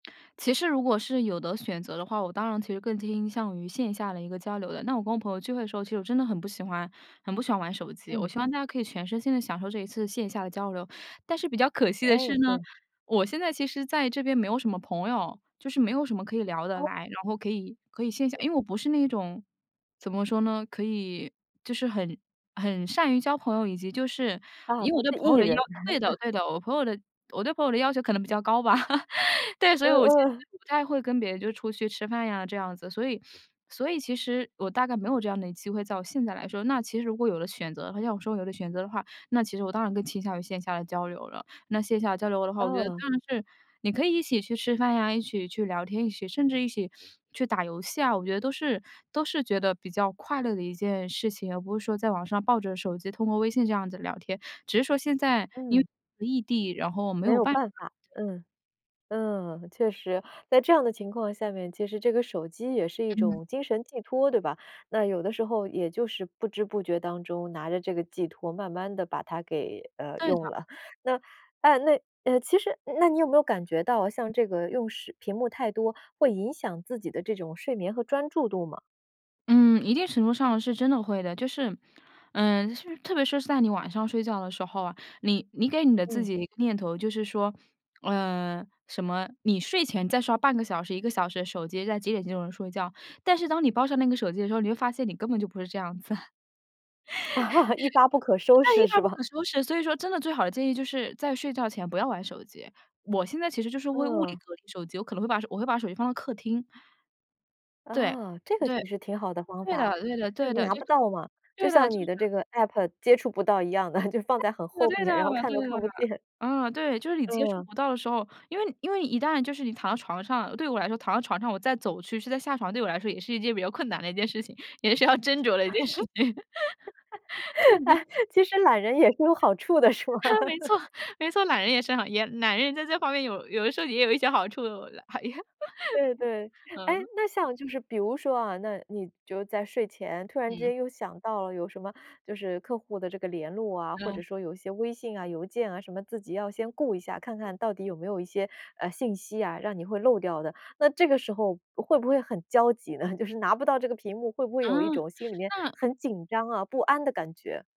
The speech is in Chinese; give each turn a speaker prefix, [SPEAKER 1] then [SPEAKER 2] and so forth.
[SPEAKER 1] 其实如果是有的选择的话，我当然其实更倾向于线下的一个交流的。那我跟我朋友聚会的时候，其实我真的很不喜欢很不喜欢玩手机。我
[SPEAKER 2] 嗯。
[SPEAKER 1] 希望大家可以全身心地享受这一次线下的交流。但是比较可惜的是
[SPEAKER 2] 哎，
[SPEAKER 1] 呢，
[SPEAKER 2] 对。
[SPEAKER 1] 我现在其实在这边没有什么朋友，就是没有什么可以聊得
[SPEAKER 2] 哦。
[SPEAKER 1] 来，然后可以可以线下因为我不是那种，怎么说呢？可以就是很很善于交朋友，以及就是
[SPEAKER 2] 啊，
[SPEAKER 1] 以
[SPEAKER 2] 不
[SPEAKER 1] 我对
[SPEAKER 2] 是
[SPEAKER 1] 朋友
[SPEAKER 2] E
[SPEAKER 1] 的要
[SPEAKER 2] 人。
[SPEAKER 1] 对的 对的，我朋友的我对朋友的要求可能比较高吧。对，所
[SPEAKER 2] 嗯
[SPEAKER 1] 以我其实
[SPEAKER 2] 嗯。
[SPEAKER 1] 不太会跟别人就出去吃饭呀，这样子。所以所以其实，我大概没有这样的机会，在我现在来说。那其实如果有的选择的话，要我说有的选择的话，那其实我当然更倾向于线下的交流了。那线下交流的话，我觉得
[SPEAKER 2] 嗯。
[SPEAKER 1] 当然是你可以一起去吃饭呀、一起去聊天，一起甚至一起，去打游戏啊，我觉得都是都是觉得比较快乐的一件事情。而不是说在网上抱着手机通过微信这样子聊天。只是说现在因
[SPEAKER 2] 嗯。
[SPEAKER 1] 为异地，然后没
[SPEAKER 2] 没
[SPEAKER 1] 有
[SPEAKER 2] 有
[SPEAKER 1] 办法。
[SPEAKER 2] 办法。
[SPEAKER 1] 对。
[SPEAKER 2] 嗯。嗯，确实。在这样的情况下面，其实这个手机也是一
[SPEAKER 1] 嗯。
[SPEAKER 2] 种精神寄托，对吧？那有的时候也就是不知不觉当中拿着这个寄托，慢慢地把它给，呃，
[SPEAKER 1] 对的。
[SPEAKER 2] 用了。那呃，那其实那你有没有感觉到像这个用时屏幕太多，会影响自己的这种睡眠和专注度吗？
[SPEAKER 1] 嗯，一定程度上是真的会的。就是，嗯，特别是在你晚上睡觉的时候啊，你你给你的自
[SPEAKER 2] 嗯。
[SPEAKER 1] 己念头，就是说，嗯，什么你睡前再刷半个小时、1个小时的手机，在几点就能睡觉。但是当你抱上那个手机的时候，你会发现你根本就不是这样子。
[SPEAKER 2] 一发不可收
[SPEAKER 1] 那
[SPEAKER 2] 拾
[SPEAKER 1] 一
[SPEAKER 2] 是
[SPEAKER 1] 发不
[SPEAKER 2] 吧？
[SPEAKER 1] 可收拾，所以说，真的最好的建议就是在睡觉前不要玩手机。我现在其实就是为物理
[SPEAKER 2] 嗯。
[SPEAKER 1] 隔离手机，我可能会把我会把手机放到客厅。对。
[SPEAKER 2] 啊，这个其
[SPEAKER 1] 对。
[SPEAKER 2] 实挺好的方
[SPEAKER 1] 对
[SPEAKER 2] 法。
[SPEAKER 1] 的对的
[SPEAKER 2] 就
[SPEAKER 1] 对
[SPEAKER 2] 是
[SPEAKER 1] 的。
[SPEAKER 2] 拿
[SPEAKER 1] 就
[SPEAKER 2] 不到嘛，就
[SPEAKER 1] 对的，
[SPEAKER 2] 像
[SPEAKER 1] 就
[SPEAKER 2] 你的
[SPEAKER 1] 是。
[SPEAKER 2] 这个 APP 接触不到一样的，就放在很
[SPEAKER 1] 对
[SPEAKER 2] 后
[SPEAKER 1] 的
[SPEAKER 2] 面，然后看
[SPEAKER 1] 对
[SPEAKER 2] 都
[SPEAKER 1] 的对。
[SPEAKER 2] 看不见。
[SPEAKER 1] 呃，对，就是你接触
[SPEAKER 2] 嗯。
[SPEAKER 1] 不到的时候因为因为一旦就是你躺到床上，对我来说，躺到床上我再走去，去再下床，对我来说也是一件比较困难的一件事情，也是要斟酌的一件事情。这里面
[SPEAKER 2] 哎，其实懒人也是有好处的是吧？
[SPEAKER 1] 没 错没错，懒人也是好艳懒人也在这方面有有的时候也有一些好处的，我觉得。还也
[SPEAKER 2] 对对。诶，
[SPEAKER 1] 嗯。
[SPEAKER 2] 那像就是比如说啊，那，你就是在睡前突然之
[SPEAKER 1] 嗯。
[SPEAKER 2] 间又想到了有什么就是客户的这个联络啊，或
[SPEAKER 1] 哦。
[SPEAKER 2] 者说有一些微信啊、邮件啊什么，自己要先顾一下，看看到底有没有一些，呃，信息啊，让你会漏掉的。那这个时候会不会很焦急呢，就是拿不到这个屏幕，会不会
[SPEAKER 1] 啊。
[SPEAKER 2] 有一种心里面
[SPEAKER 1] 那
[SPEAKER 2] 很紧张啊、不安的感觉？